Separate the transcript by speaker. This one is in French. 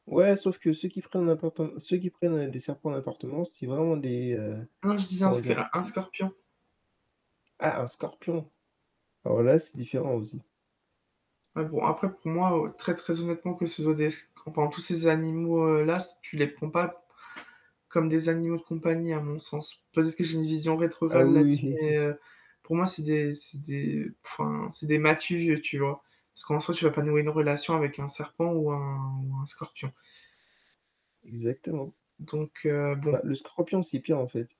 Speaker 1: Ouais, sauf que ceux qui prennent d'importin ceux qui prennent des serpents en appartement, c'est vraiment des, heu,
Speaker 2: Non, je disais un
Speaker 1: comment
Speaker 2: sc
Speaker 1: dire?
Speaker 2: un un scorpion.
Speaker 1: Ah, un scorpion. Alors là c'est différent aussi.
Speaker 2: Mais bon, après, pour moi très, très honnêtement, que ce soit des sc enfin tous ces animaux-là s tu les prends pas comme des animaux de compagnie à mon sens. Peut-être que j'ai une vision
Speaker 1: Ah,
Speaker 2: rétrograde là-dessus,
Speaker 1: oui.
Speaker 2: mais pour moi c'est des c'est des enfin c'est des m'as-tu vu, tu vois? Parce qu'en soi, tu vas pas nouer une relation avec un serpent ou un ou un scorpion
Speaker 1: Exactement.
Speaker 2: donc heu,
Speaker 1: Bah,
Speaker 2: bon.
Speaker 1: le scorpion, c'est pire, en fait.